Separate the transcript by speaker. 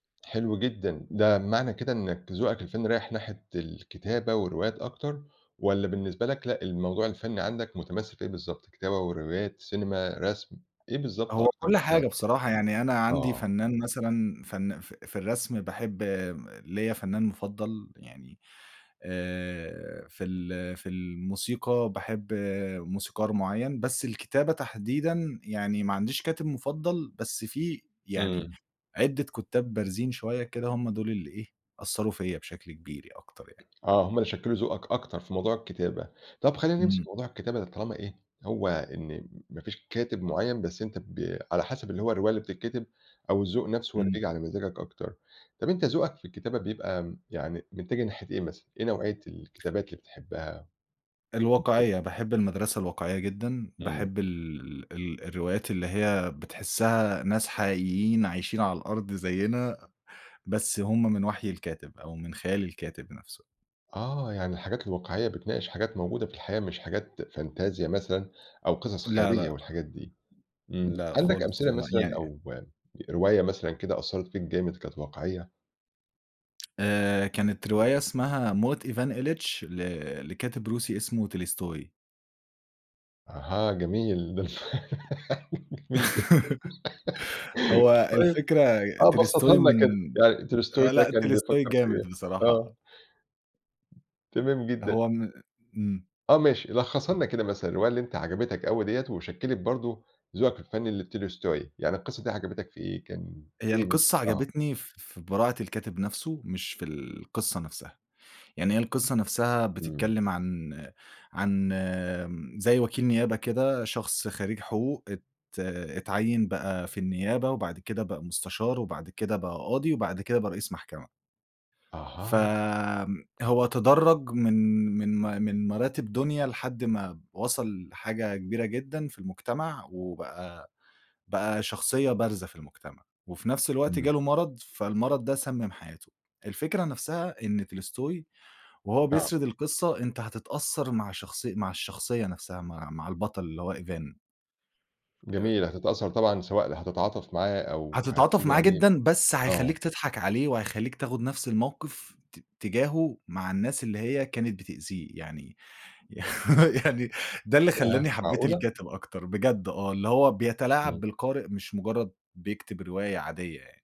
Speaker 1: حلو جدًا، ده معنى كده إنّك ذوقك الفنّي رايح ناحية الكتابة والروايات أكتر، والّا بالنسبة لك لأ، الموضوع الفنّي عندك متمثل في إيه بالضبط، كتابة وروايات، سينما، رسم إيه بالضبط
Speaker 2: هو
Speaker 1: أكتر
Speaker 2: كُلّ
Speaker 1: حاجة؟
Speaker 2: حاجة بصراحة، يعني أنا عندي
Speaker 1: آه.
Speaker 2: فنان مثلًا فن ف في الرسم باحب م ليّا فنان مُفضل، يعني آآ في ال في الموسيقى باحب موسيقار مُعيّن، بس الكتابة تحديدًا يعني ما عنديش كاتب مُفضل، بس في يعني
Speaker 1: إمم.
Speaker 2: عدِة كُتّاب بارزين شوية كده، هُم دُول اللي إيه أثّروا فيّا بشكل كبير ي أكتر يعني.
Speaker 1: آه، هُم اللي شكّلوا ذوقك أكتر في موضوع الكتابة، طَب خلّينا نمسك في
Speaker 2: إمم.
Speaker 1: موضوع الكتابة ده طالما إيه، هو إن م ما فيش كاتب مُعيّن بس أنت بي على حسب اللي هو الرواية اللي بتتكتب أو الذوق نَفْسُه هو اللي
Speaker 2: إمم.
Speaker 1: بييجي على مزاجك أكتر، طَب أنت ذوقك في الكتابة بيبقى م يعني متجه ناحية إيه مثلًا، إيه نوعية الكتابات اللي بتحبها؟ [unintelligible]
Speaker 2: الواقعية باحب المدرسة الواقعية جدًا،
Speaker 1: إمم.
Speaker 2: باحب ال ال ال الروايات اللي هي بتحِسّها ناس حقيقيين عايشين على الأرض زيّنا، بس هُم من وحي الكاتب، أو من خيال الكاتب نَفْسُه.
Speaker 1: آه، يعني الحاجات الواقعية بتناقش حاجات موجودة في الحياة مش حاجات فانتزيا مثلًا أو قصص
Speaker 2: لأ،
Speaker 1: خيالية
Speaker 2: لأ.
Speaker 1: والحاجات دي، إمم،
Speaker 2: لأ،
Speaker 1: عندك
Speaker 2: خالص
Speaker 1: أمثلة
Speaker 2: هُم
Speaker 1: مثلًا
Speaker 2: يعني
Speaker 1: أو رواية مثلًا كده أثّرت فيك جامد كانت واقعية؟
Speaker 2: آآ كانت رواية اسمها موت إيفان إيليتش، ل لكاتب روسي اسمه tolstoy.
Speaker 1: أها، جميل ده الف جميل جدًا
Speaker 2: هو
Speaker 1: طيب
Speaker 2: الفكرة ي
Speaker 1: آه،
Speaker 2: tolstoy
Speaker 1: بسّطها لنا كان
Speaker 2: من
Speaker 1: يعني tolstoy
Speaker 2: آه
Speaker 1: ده
Speaker 2: لأ،
Speaker 1: كان
Speaker 2: tolstoy
Speaker 1: بيفكّر في إيه؟
Speaker 2: جامد بصراحة
Speaker 1: آه.
Speaker 2: آه.
Speaker 1: تمام جدًا.
Speaker 2: هو م إمم.
Speaker 1: آه، ماشي لخّصها لنا كده مثلًا، الرواية اللي أنت عجبتك أوي دِيّة، وشكّلت برضه ذوقك الفنّي اللي بtolstoy يعني القصة دي عجبتك في إيه؟ كان
Speaker 2: هي
Speaker 1: إيه
Speaker 2: القصة
Speaker 1: آه.
Speaker 2: عجبتني ف في براعة الكاتب نَفْسُه، مش في القصة نَفْسها، يعني هي القصة نَفْسها
Speaker 1: إمم.
Speaker 2: بتتكلم عن عن م زي وكيل نيابة كده شخص خرّيج حقوق، ات اتعيّن بقى في النيابة، وبعد كده بقى مُستشار، وبعد كده بقى قاضي، وبعد كده بقى رئيس محكمة. ف
Speaker 1: أها.
Speaker 2: هو تدرّج من من ما من مراتب دنيا لحد ما وصل لحاجة كبيرة جدًا في المجتمع، وبقى بقى شخصية بارزة في المجتمع، وفي نَفْس الوقت
Speaker 1: إمم.
Speaker 2: جاله مرض، فالمرض ده سمم حياته، الفكرة نَفْسها إن tolstoy وهو
Speaker 1: آه.
Speaker 2: بيسرد القصة أنت هتتأثّر مع شخصي مع الشخصية نَفْسها، مع مع البطل اللي هو إيفان. آآ
Speaker 1: جميل، هتتأثّر طبعًا سواء اللي هتتعاطف معاه أو
Speaker 2: هتتعاطف
Speaker 1: هتيجي
Speaker 2: معاه
Speaker 1: عليه
Speaker 2: جدًا، بس
Speaker 1: آه.
Speaker 2: هيخلِّيك تضحك عليه، وهيخلّيك تاخد نَفْس الموقف، ت تجاهُه مع الناس اللي هي كانت بتأذيه، يعني يعني ده اللي
Speaker 1: ياه
Speaker 2: خلّاني حبّيت
Speaker 1: معقولة؟!
Speaker 2: الكاتب أكتر بجد آه، اللي هو بيتلاعب
Speaker 1: إمم.
Speaker 2: بالقارئ، مش مُجرّد بيكتب رواية عادية يعني.